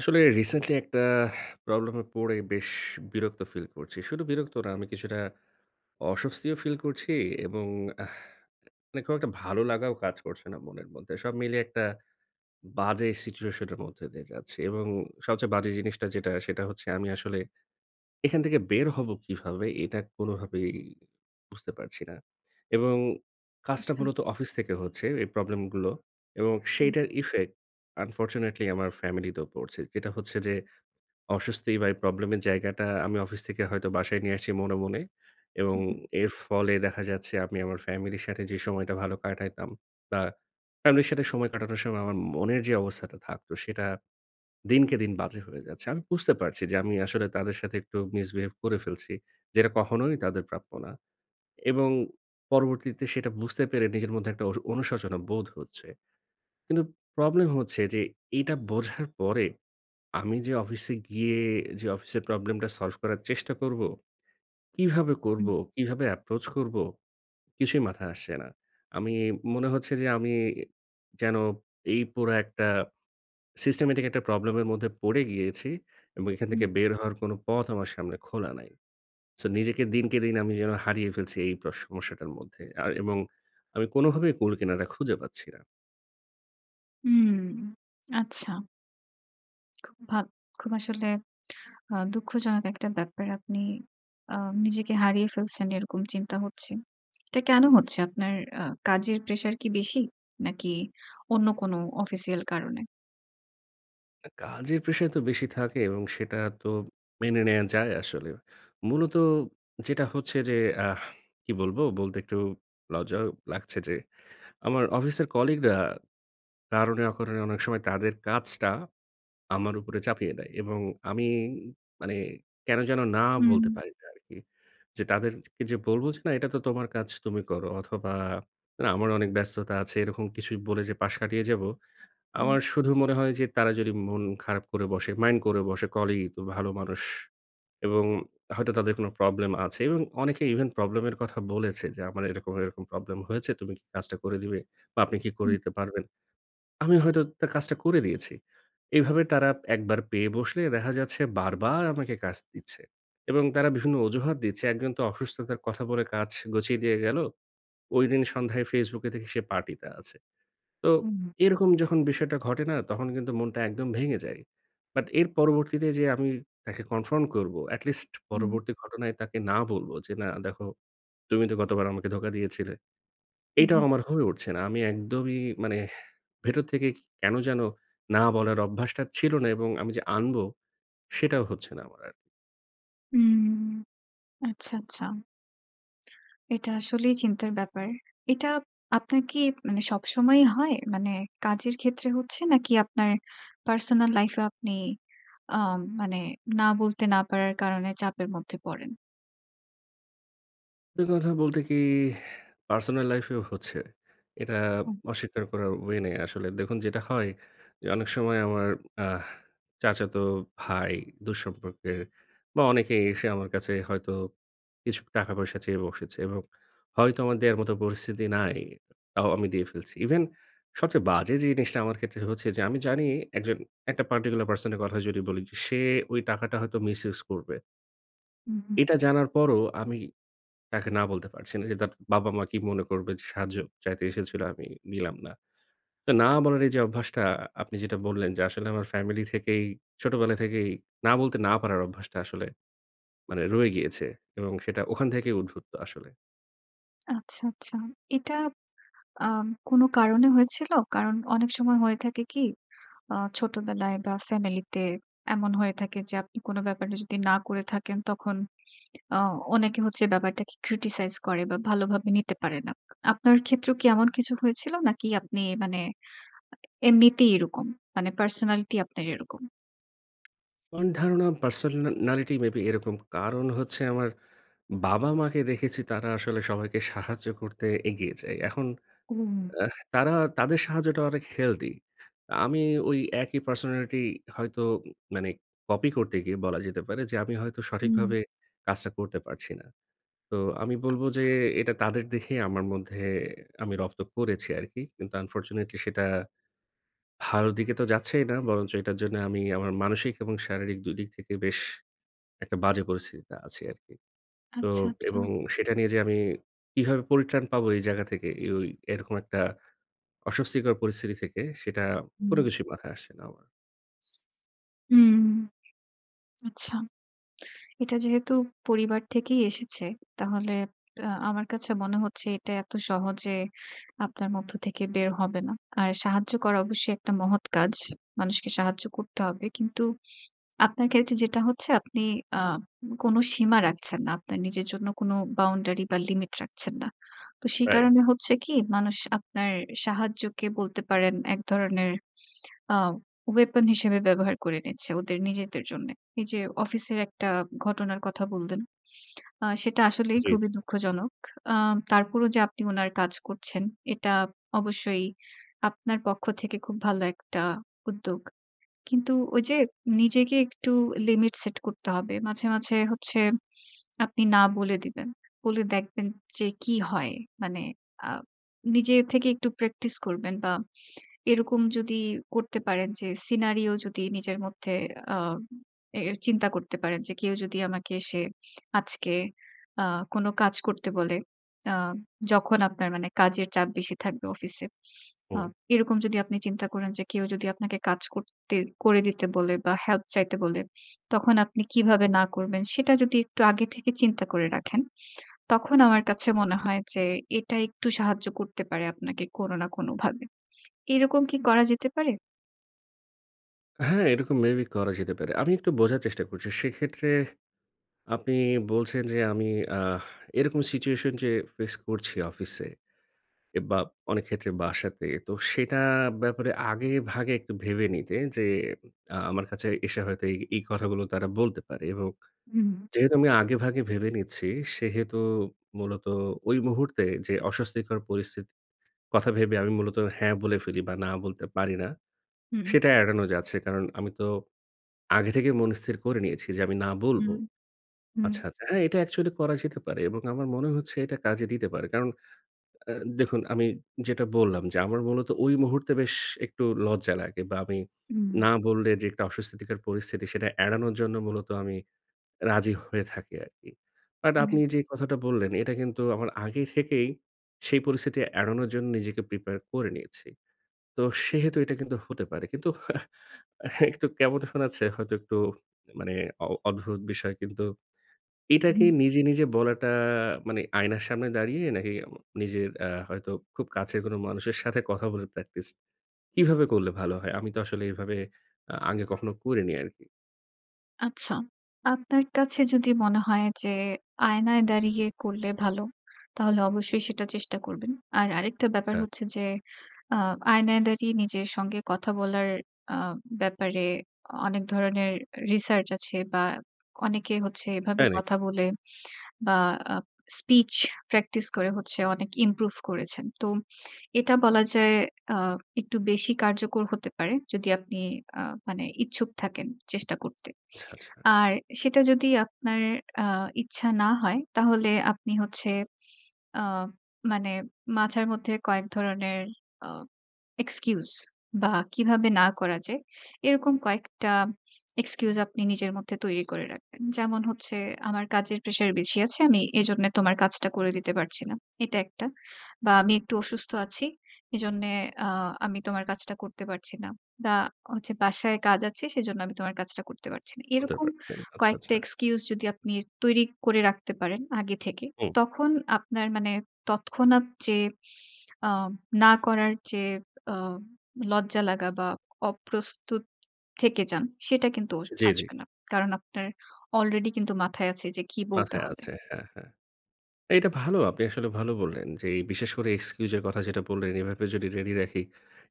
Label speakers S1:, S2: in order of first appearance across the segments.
S1: আসলে রিসেন্টলি একটা প্রবলেম এ পড়ে বেশ বিরক্ত ফিল করছি। শুধু বিরক্ত না আমি কিছুটা অস্বস্তিও ফিল করছি এবং আ মানে খুব একটা ভালো লাগাও কাজ করছে না মনের মধ্যে। সব মিলিয়ে একটা বাজে সিচুয়েশন এর মধ্যে দিয়ে যাচ্ছি। এবং সবচেয়ে বাজে জিনিসটা যেটা সেটা হচ্ছে আমি আসলে এখান থেকে বের হব কীভাবে? এটা কোনভাবেই বুঝতে পারছি না। এবং কাজটা
S2: আচ্ছা।
S1: মূলত অফিস থেকে হচ্ছে এই প্রবলেম গুলো এবং
S2: হু।
S1: সেইটার ইফেক্ট আনফরচুনেটলি আমার ফ্যামিলি তেও পড়ছে। যেটা হচ্ছে যে অস্বস্তি বা এই প্রবলেম এর জায়গাটা আমি অফিস থেকে হয়তো বাসায় নিয়ে আসছি মনে, মনে এবং
S2: হু, হু।
S1: এর ফলে দেখা যাচ্ছে আমি আমার ফ্যামিলির সাথে যে সময়টা ভালো কাটাইতাম বা ফ্যামিলির সাথে সময় কাটানোর সময় আমার মনের যে অবস্থাটা থাকত সেটা দিনকে দিন বাজে হয়ে যাচ্ছে। আমি বুঝতে পারছি যে আমি আসলে তাদের সাথে একটু misbehave করে ফেলছি। যেটা কখনোই তাদের প্রাপ্য না। এবং পরবর্তীতে সেটা বুঝতে পেরে নিজের মধ্যে একটা অনু অনুশোচনা বোধ হচ্ছে। কিন্তু প্রবলেম হচ্ছে যে এটা বোঝার পরে আমি যে অফিসে গিয়ে যে অফিসের প্রবলেম টা সলভ করার চেষ্টা করবো, কিভাবে
S2: হু।
S1: করবো? কিভাবে এপ্রোচ করব? কিছুই মাথায় আসছে না। আমি মনে হচ্ছে যে আমি যেন এই পোড়া একটা সিস্টেমেটিক একটা প্রবলেম এর মধ্যে পড়ে গিয়েছি। এবং এখান
S2: হু।
S1: থেকে বের হওয়ার কোন পথ আমার সামনে খোলা নাই। সো নিজেকে দিনকে দিন আমি যেন হারিয়ে ফেলছি এই প্রস সমস্যাটার মধ্যে আর এবং আমি কোনভাবেই কুল কেনারা খুঁজে পাচ্ছি না।
S2: হুম, আচ্ছা। খুব ভা খুব আসলে আ দুঃখজনক একটা ব্যাপার আপনি আ নিজেকে হারিয়ে ফেলছেন এরকম চিন্তা হচ্ছে। এটা কেনো হচ্ছে? আপনার আ কাজের প্রেশার কি বেশি নাকি, অন্য কোন অফিসিয়াল কারণে?
S1: কাজের প্রেশার তো বেশি থাকে এবং সেটা তো মেনে নেয়া যায় আসলে। মূলত যেটা হচ্ছে যে আহ কি বলবো? বলতে একটু লজ্জাও লাগছে। যে আমার অফিসের কলিগরা কারণে অকারণে অনেক সময় তাদের কাজটা আমার উপরে চাপিয়ে দেয় এবং আমি মানে কেন যেন না
S2: হুম।
S1: বলতে পারি না আরকি। যে তাদেরকে যে বলবো যে ,"না এটা তো তোমার কাজ তুমি করো অথবা না আমার অনেক ব্যস্ততা আছে" এরকম কিছু বলে যে পাশ কাটিয়ে যাবো।
S2: হুম।
S1: আমার শুধু মনে হয় যে তারা যদি মন খারাপ করে বসে, মাইন্ড করে বসে, কলিগই তো ভালো মানুষ এবং হয়তো তাদের কোনো প্রবলেম আছে এবং অনেকে ইভেন প্রবলেম এর কথা বলেছে। যে আমার এরকম, এরকম প্রবলেম হয়েছে তুমি কি কাজটা করে দিবে বা আপনি কি করে
S2: হুম।
S1: দিতে পারবেন। আমি হয়তো তার কাজটা করে দিয়েছি। এভাবে তারা একবার পেয়ে বসলে দেখা যাচ্ছে বারবার আমাকে কাজ দিচ্ছে এবং তারা বিভিন্ন অজুহাত দিচ্ছে একজন তো অসুস্থতার কথা বলে কাজ গুছিয়ে দিয়ে গেলো। ঐদিন সন্ধ্যায় ফেসবুকে দেখি সে পার্টিতে আছে। তো
S2: হুম।
S1: এরকম যখন বিষয়টা ঘটে না তখন কিন্তু মনটা একদম ভেঙে যায়। বাট এর পরবর্তীতে যে আমি তাকে কনফ্রন্ট করবো, এটলিস্ট
S2: হুম।
S1: পরবর্তী ঘটনায় তাকে না বলবো যে না দেখো তুমি তো গতবার আমাকে ধোকা দিয়েছিলে।
S2: হুম,
S1: এটাও
S2: হুম।
S1: আমার হয়ে উঠছে না। আমি একদমই মানে ভেতর থেকে কেন যেন না বলার অভ্যাসটা ছিল না এবং আমি যে আনবো
S2: হুম।
S1: সেটাও হচ্ছে না আমার আর
S2: হুম। আচ্ছা, আচ্ছা। এটা আসলেই চিন্তার ব্যাপার। এটা আপনার কি মানে সবসময়ই হয়? মানে কাজের ক্ষেত্রে হচ্ছে, নাকি আপনার পার্সোনাল লাইফেও আপনি আম মানে না বলতে না পারার কারণে চাপের মধ্যে পড়েন?
S1: এই কথা বলতে কি? পার্সোনাল লাইফেও হচ্ছে। এটা
S2: হুম।
S1: অস্বীকার করার ওয়ে নেই আসলে। দেখুন যেটা হয় যে, অনেক সময় আমার আহ চাচাতো ভাই, দূরসম্পর্কের বা, অনেকেই এসে আমার কাছে হয়তো কিছু টাকা পয়সা চেয়ে বসেছে। এবং হয়তো আমার দেয়ার মত পরিস্থিতি নাই, তাও আমি দিয়ে ফেলছি। ইভেন সবচেয়ে বাজে যে জিনিসটা আমার ক্ষেত্রে হচ্ছে যে, আমি জানি একজন একটা পার্টিকুলার পারসনের কথা যদি বলি, যে সে ঐ টাকাটা হয়তো মিস ইউজ করবে
S2: হুম, হুম।
S1: এটা জানার পরও আমি তাকে না বলতে পারছি না, যে তার বাবা-মা কি মনে করবে? যে সাহায্য চাইতে এসেছিল, আমি দিলাম না। তা না বলার এইযে অভ্যাসটা আপনি যেটা বললেন যে আসলে, আমার ফ্যামিলি থেকেই ছোটবেলা থেকেই না বলতে না পারার অভ্যাসটা আসলে মানে রয়ে গিয়েছে। এবং সেটা ওখান থেকেই উদ্ভুত আসলে।
S2: আচ্ছা, আচ্ছা। এটা আম কোনো কারণে হয়েছিল? কারণ, অনেক সময় হয়ে থাকে কি? আ ছোটবেলায় বা, ফ্যামিলিতে এমন হয়ে থাকে যে আপনি কোনো ব্যাপারে যদি না করে থাকেন তখন অ অনেকে হচ্ছে ব্যাপারটাকে criticize করে বা, ভালোভাবে নিতে পারে না। আপনার ক্ষেত্রেও কি এমন কিছু হয়েছিল নাকি আপনি মানে আ এমনিতেই এরকম? মানে পার্সোনালিটি আপনার এরকম?
S1: আমার ধারণা পার্সোনালিটি মে বি এরকম, কারণ হচ্ছে আমার বাবা-মাকে দেখেছি তারা আসলে সবাইকে সাহায্য করতে এগিয়ে যায়। এখন
S2: উম।
S1: আহ তারা তাদের সাহায্যটা অনেক হেলদি। আমি ওই একই পার্সোনালিটি হয়তো উ মানে কপি করতে গিয়ে বলা যেতে পারে যে, আমি হয়তো
S2: হুম।
S1: সঠিকভাবে কাজটা করতে পারছি না। তো আমি বলবো
S2: আচ্ছা।
S1: যে, "এটা তাদের দেখেই আমার মধ্যে আমি রপ্ত করেছি আরকি।" কিন্তু আনফরচুনেটলি সেটা ভালো দিকে তো যাচ্ছেই না। বরঞ্চ এটার জন্য আমি আমার মানসিক এবং শারীরিক ২ দিক থেকে বেশ একটা বাজে পরিস্থিতিতে আছি আরকি। তো
S2: আচ্ছা, আচ্ছা।
S1: এবং সেটা নিয়ে যে আমি কিভাবে পরিত্রাণ পাবো? এই জায়গা থেকে, ওই এরকম একটা অস্বস্তিকর পরিস্থিতি থেকে সেটা
S2: হুম।
S1: কোনো কিছুই মাথায় আসছে না আমার।
S2: হুম। আচ্ছা। এটা যেহেতু পরিবার থেকেই এসেছে, তাহলে আ আমার কাছে মনে হচ্ছে এটা এত সহজে আপনার মধ্য থেকে বের হবে না। আর সাহায্য করা অবশ্যই একটা মহৎ কাজ। মানুষকে সাহায্য করতে হবে। কিন্তু আপনার ক্ষেত্রে যেটা হচ্ছে আপনি আ কোন সীমা রাখছেন না। আপনার নিজের জন্য কোন বাউন্ডারি বা, লিমিট রাখছেন না। তো সে
S1: রাইট।
S2: কারণে হচ্ছে কি? মানুষ আপনার সাহায্যকে বলতে পারেন ১ ধরনের আ weapon হিসেবে ব্যবহার করে নিচ্ছে ওদের নিজেদের জন্যে। এইযে অফিসের একটা ঘটনার কথা বললেন। আ সেটা আসলেই
S1: জি,
S2: খুবই
S1: জি।
S2: দুঃখজনক। আ তারপরও যে আপনি উনার কাজ করছেন, এটা অবশ্যই আপনার পক্ষ থেকে খুব ভালো একটা উদ্যোগ। কিন্তু ওইযে নিজেকে একটু লিমিট সেট করতে হবে। মাঝে, মাঝে হচ্ছে আপনি না বলে দিবেন। বলে দেখবেন যে, কী হয়? মানে আ নিজে থেকে একটু প্র্যাকটিস করবেন বা, এরকম যদি করতে পারেন, যে সিনারিও যদি নিজের মধ্যে আম এ এর চিন্তা করতে পারেন, যে কেউ যদি আমাকে এসে আজকে আ কোন কাজ করতে বলে, আ যখন আপনার মানে কাজের চাপ বেশি থাকবে অফিসে। আ
S1: হু।
S2: এরকম যদি আপনি চিন্তা করেন যে কেউ যদি আপনাকে কাজ করতে করে দিতে বলে বা, হেল্প চাইতে বলে, তখন আপনি কিভাবে না করবেন, সেটা যদি একটু আগে থেকে চিন্তা করে রাখেন, তখন আমার কাছে
S1: হ্যাঁ,
S2: মনে
S1: হ্যাঁ।
S2: হয় যে এটা একটু সাহায্য করতে পারে আপনাকে কোন না কোনভাবে। এইরকম কি করা যেতে পারে?
S1: হ্যাঁ, এরকম মে বি করা যেতে পারে। আমি একটু বোঝার চেষ্টা করছি। সেক্ষেত্রে আপনি বলছেন যে, আমি আহ এরকম সিচুয়েশন যে ফেস করছি অফিসে এ বা, অনেক ক্ষেত্রে বাসাতে, তো সেটা ব্যাপারে আগেভাগে একটু ভেবে নিতে যে, আ আমার কাছে এসে হয়তো এই এই কথাগুলো তারা বলতে পারে। এবং
S2: হুম।
S1: যেহেতু আমি আগেভাগে ভেবে নিচ্ছি, সেহেতু মূলত ওই মুহূর্তে যে অস্বস্তিকর পরিস্থিতি কথা ভেবে আমি মূলত হ্যাঁ বলে ফেলি বা, না বলতে পারি না,
S2: হুম।
S1: সেটা এড়ানো যাচ্ছে। কারণ, আমি তো আগে থেকেই মনে স্থির করে নিয়েছি যে, আমি না বলবো।
S2: হুম। হুম।
S1: আচ্ছা, আচ্ছা। হ্যাঁ, এটা অ্যাকচুয়ালি করা যেতে পারে। এবং আমার মনে হচ্ছে এটা কাজে দিতে পারে। কারণ আ দেখুন আমি যেটা বললাম যে, "আমার মূলত ওই মুহূর্তে বেশ একটু লজ্জা লাগে।" বা, আমি
S2: হুম।
S1: না বললে যে একটা অস্বস্থিকর পরিস্থিতি সেটা এড়ানোর জন্য মূলত আমি রাজি হয়ে থাকি আরকি। বাট
S2: হুম।
S1: আপনি যে কথাটা বললেন, এটা কিন্তু আমার আগে থেকেই সেই পরিস্থিতি এড়ানোর জন্য নিজেকে প্রিপায়ার করে নিয়েছি। তো সেহেতু এটা কিন্তু হতে পারে। কিন্তু হা একটু কেমন শোনাচ্ছে? হয়তো একটু মানে অ অদ্ভুত বিষয় কিন্তু। এটাকে
S2: হুম
S1: নিজে, নিজে বলাটা মানে আয়নার সামনে দাঁড়িয়ে নাকি উ নিজের হয়তো খুব কাছের কোন মানুষের সাথে কথা বলে প্র্যাকটিস কিভাবে করলে ভালো হয়? আমি তো আসলে এভাবে আ আগে কখনো করিনি আরকি।
S2: আচ্ছা। আপনার কাছে যদি মনে হয়। যে আয়নায় দাঁড়িয়ে করলে ভালো, তাহলে অবশ্যই সেটা চেষ্টা করবেন। আর আরেকটা ব্যাপার
S1: আচ্ছা।
S2: হচ্ছে যে আ আয়নায় দাঁড়িয়ে নিজের সঙ্গে কথা বলার আ ব্যাপারে অ অনেক ধরনের রিসার্চ আছে বা অনেকে হচ্ছে এভাবে
S1: প্যানিক।
S2: কথা বলে। বা আ স্পিচ প্র্যাকটিস করে হচ্ছে অনেক ইমপ্রুভ করেছেন। তো এটা বলা যায় আ একটু বেশি কার্যকর হতে পারে। যদি আপনি আ মানে ইচ্ছুক থাকেন চেষ্টা করতে।
S1: আচ্ছা, আচ্ছা।
S2: আর সেটা যদি আপনার আ ইচ্ছা না হয় তাহলে আপনি হচ্ছে। আ মানে মাথার মধ্যে কয়েক ধরনের আ এক্সকিউজ বা কিভাবে না করা যায় এরকম কয়েকটা এক্সকিউজ আপনি নিজের মধ্যে তৈরি করে রাখবেন। যেমন হচ্ছে, "আমার কাজের প্রেশার বেশি আছে। আমি এজন্য তোমার কাজটা করে দিতে পারছি না।" এটা ১ টা। বা আমি একটু অসুস্থ আছি। এজন্যে আ আমি তোমার কাজটা করতে পারছি না। বা হচ্ছে বাসায় কাজ আছে সেজন্য আমি তোমার কাজটা করতে পারছি না।"
S1: বলতে
S2: এরকম
S1: পারছি না। আচ্ছা,
S2: কয়েকটা
S1: আচ্ছা।
S2: এক্সকিউজ যদি আপনি তৈরি করে রাখতে পারেন আগে থেকে।
S1: হুম।
S2: তখন আপনার মানে তৎক্ষণাৎ যে আ না করার যে আ লজ্জা লাগা বা অপ্রস্তুত থেকে যান সেটা কিন্তু
S1: জ্বি, জি।
S2: আসবে না। কারণ আপনার অলরেডি কিন্তু মাথায় আছে যে কী বলতে
S1: মাথায়
S2: হবে।
S1: আছে, হ্যাঁ, হ্যাঁ। এটা ভালো। আপনি আসলে ভালো বললেন যে এই বিশেষ করে এক্সকিউজ এর কথা যেটা বললেন এভাবে যদি রেডি রাখি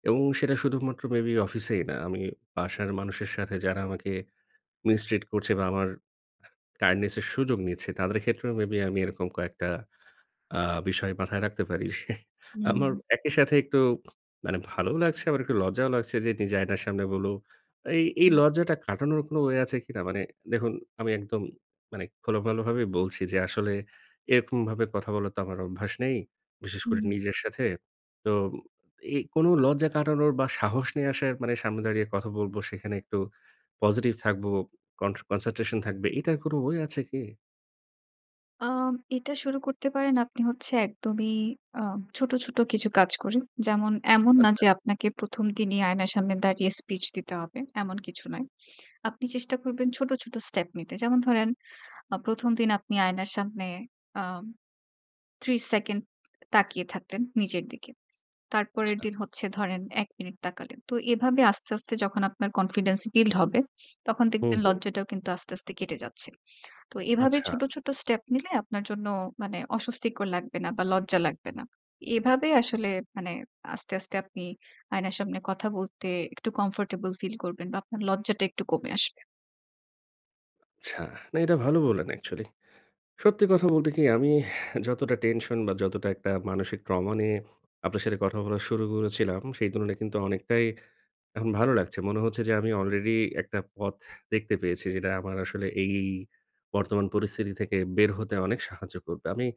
S1: এবং সেটা শুধুমাত্র মেবি অফিসেই না। আমি বাসার মানুষের সাথে যারা আমাকে মিস্ট্রিট করছে বা আমার কাইন্ডনেস এর সুযোগ নিচ্ছে। তাদের ক্ষেত্রেও মেবি আমি এরকম কয়েকটা আ বিষয় মাথায় রাখতে পারি।
S2: হুম।
S1: আমার একই সাথে একটু মানে ভালো লাগছে, আবার একটু লজ্জাও লাগছে, যে নিজে আয়নার সামনে বলবো। এই, এই
S2: হুম।
S1: লজ্জাটা কাটানোর কোন ওয়ে আছে কিনা? মানে দেখুন আমি একদম মানে খোলোমেলাভাবে বলছি যে আসলে এরকমভাবে কথা বলার তো আমার অভ্যাস নেই। বিশেষ করে
S2: হুম।
S1: নিজের সাথে। তো এই কোনো লজ্জা কাটানোর বা সাহস নিয়ে আসার মানে সামনে দাঁড়িয়ে কথা বলবো, সেখানে একটু পজিটিভ থাকবো, কন কনসেনট্রেশন থাকবে। এটার কোন ওয়ে আছে কি?
S2: আ এটা শুরু করতে পারেন আপনি হচ্ছে একদমই আ ছোট, ছোট কিছু কাজ করে। যেমন, এমন না
S1: আচ্ছা।
S2: যে আপনাকে ১ম দিনই আয়নার সামনে দাঁড়িয়ে স্পিচ দিতে হবে। এমন কিছু নয়। আপনি চেষ্টা করবেন ছোট, ছোট স্টেপ নিতে। যেমন ধরেন, আ ১ম দিন আপনি আয়নার সামনে আ ৩০ সেকেন্ড তাকিয়ে থাকলেন নিজের দিকে। তারপরের
S1: আচ্ছা।
S2: দিন হচ্ছে ধরেন ১ মিনিট তাকালেন। তো এভাবে আস্তে, আস্তে যখন আপনার কনফিডেন্স বিল্ড হবে, তখন
S1: হুম,
S2: দেখবেন
S1: হুম।
S2: লজ্জাটাও কিন্তু আস্তে, আস্তে কেটে যাচ্ছে। তো এভাবে
S1: আচ্ছা।
S2: ছোট, ছোট স্টেপ নিলে আপনার জন্য মানে অস্বস্তিকর লাগবে না বা, লজ্জা লাগবে না। এভাবে আসলে মানে আস্তে, আস্তে আপনি আয়নার সামনে কথা বলতে একটু কমফোর্টেবল ফিল করবেন বা, আপনার লজ্জাটা একটু কমে আসবে।
S1: আচ্ছা, না, এটা ভালো বললেন অ্যাকচুয়ালি। সত্যি কথা বলতে কি? আমি এহ যতটা টেনশন বা, যতটা একটা মানসিক ট্রমা নিয়ে আপনার সাথে কথা বলা শুরু করেছিলাম, সেই তুলনায় কিন্তু অনেকটাই এখন ভালো লাগছে। মনে হচ্ছে যে, আমি আলরেডি একটা পথ দেখতে পেয়েছি যেটা আমার আসলে এই বর্তমান পরিস্থিতি থেকে বের হতে অনেক সাহায্য করবে। আমি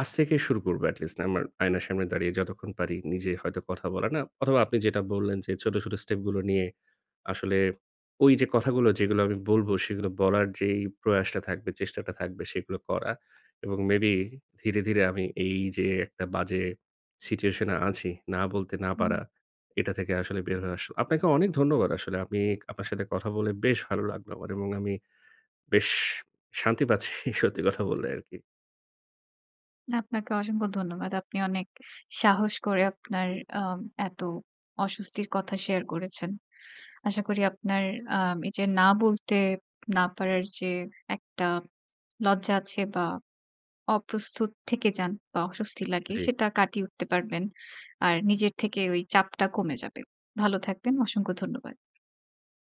S1: আজ থেকেই শুরু করবো। এটলিস্ট আমার আয়নার সামনে দাঁড়িয়ে যতক্ষণ পারি নিজে হয়তো কথা বলার। না অথবা আপনি যেটা বললেন যে, "ছোট, ছোট স্টেপগুলো নিয়ে আসলে ওইযে কথাগুলো যেগুলো আমি বলবো," সেগুলো বলার যে প্রয়াসটা থাকবে, চেষ্টাটা থাকবে সেগুলো করা এবং মে বি ধীরে, ধীরে আমি এইযে একটা বাজে সিচুয়েশনে আছি, না বলতে না পারা,
S2: হুম।
S1: এটা থেকে আসলে বের হয়ে আসা। আপনাকে অনেক ধন্যবাদ আসলে। আপনি আপনার সাথে কথা বলে বেশ ভালো লাগলো আমার। এবং আমি বেশ শান্তি পাচ্ছি সত্যি কথা বললে আরকি।
S2: না, আপনাকে অসংখ্য ধন্যবাদ। আপনি অনেক ইস সাহস করে আপনার আ এত অস্বস্তির কথা শেয়ার করেছেন। আশা করি আপনার আম এইযে না বলতে না পারার যে একটা লজ্জা আছে বা, অপ্রস্তুত থেকে যান বা, অস্বস্তি লাগে,
S1: জি।
S2: সেটা কাটিয়ে উঠতে পারবেন। আর নিজের থেকে ওই চাপটা কমে যাবে। ভালো থাকবেন। অসংখ্য ধন্যবাদ।